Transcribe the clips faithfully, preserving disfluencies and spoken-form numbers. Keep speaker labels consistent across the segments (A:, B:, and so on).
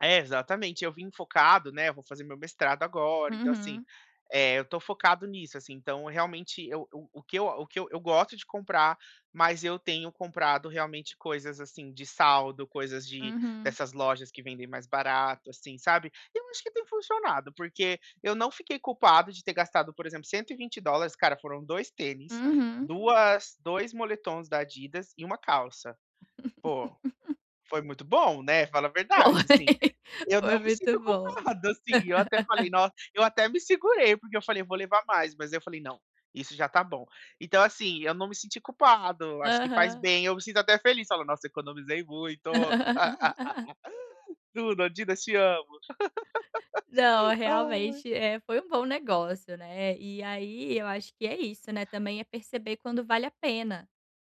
A: Exatamente, eu vim focado, né, eu vou fazer meu mestrado agora, então assim,
B: Uhum.
A: eh, eu estou focado nisso, assim, então realmente eu eu o que eu o que eu gosto de comprar, mas eu tenho comprado realmente coisas assim de saldo, coisas de
B: Uhum.
A: dessas lojas que vendem mais barato, assim, sabe. Eu acho que tem funcionado, porque eu não fiquei culpado de ter gastado por exemplo cento e vinte dólares cara, foram dois tênis,
B: Uhum.
A: duas dois moletons da Adidas e uma calça. Pô, foi muito bom, né, fala a verdade assim.
B: Foi.
A: Eu não
B: Foi
A: me
B: muito
A: sinto
B: bom.
A: culpado assim, eu até falei: "No", eu até me segurei porque eu falei: "Eu vou levar mais", mas eu falei: "Não, isso já está bom". Então assim, eu não me senti culpado, acho faz
B: Aham.
A: bem, eu me sinto até feliz, falo: "Nossa economizei muito". Tudo, Adidas te amo.
B: Não,
A: Ai.
B: realmente, é, foi um bom negócio, né, e aí eu acho que é isso, né, também é perceber quando vale a pena,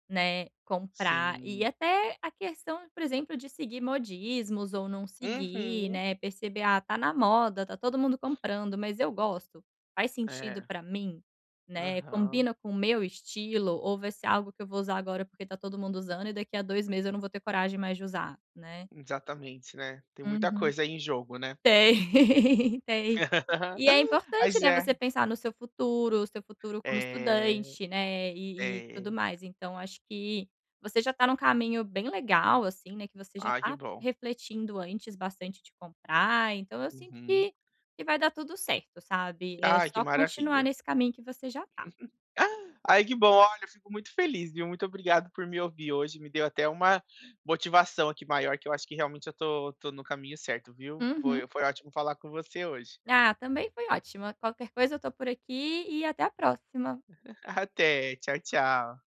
B: né, comprar e
A: Sim.
B: até a questão, por exemplo, de seguir modismos ou não seguir,
A: Uhum.
B: né, perceber: "Ah, tá na moda, tá todo mundo comprando, mas eu gosto, faz sentido
A: É.
B: para mim, né,
A: Aham.
B: combina com o meu estilo ou vai ser algo que eu vou usar agora porque está todo mundo usando e daqui a dois meses eu não vou ter coragem mais de usar?", né.
A: Exatamente, né, tem muita
B: Uhum.
A: coisa aí em jogo, né.
B: Tem, tem. E é importante,
A: Mas
B: né,
A: é.
B: você pensar no seu futuro, o seu futuro como
A: É.
B: estudante, né, e e tudo
A: É.
B: mais então acho que você já tá em um caminho bem legal assim, né, que você já
A: Ah que
B: tá
A: bom.
B: refletindo antes bastante de comprar então eu sinto
A: Uhum.
B: que que vai dar tudo certo, sabe, é
A: Ai que
B: só continuar
A: maravilha.
B: nesse caminho que você já tá.
A: Ai que bom olha, fico muito feliz viu, muito obrigado por me ouvir hoje, me deu até uma motivação aqui maior que eu acho que realmente eu estou estou no caminho certo viu.
B: Uhum.
A: Foi foi ótimo falar com você hoje.
B: Ah, também foi ótima, qualquer coisa eu estou por aqui e até a próxima.
A: Até, tchau tchau.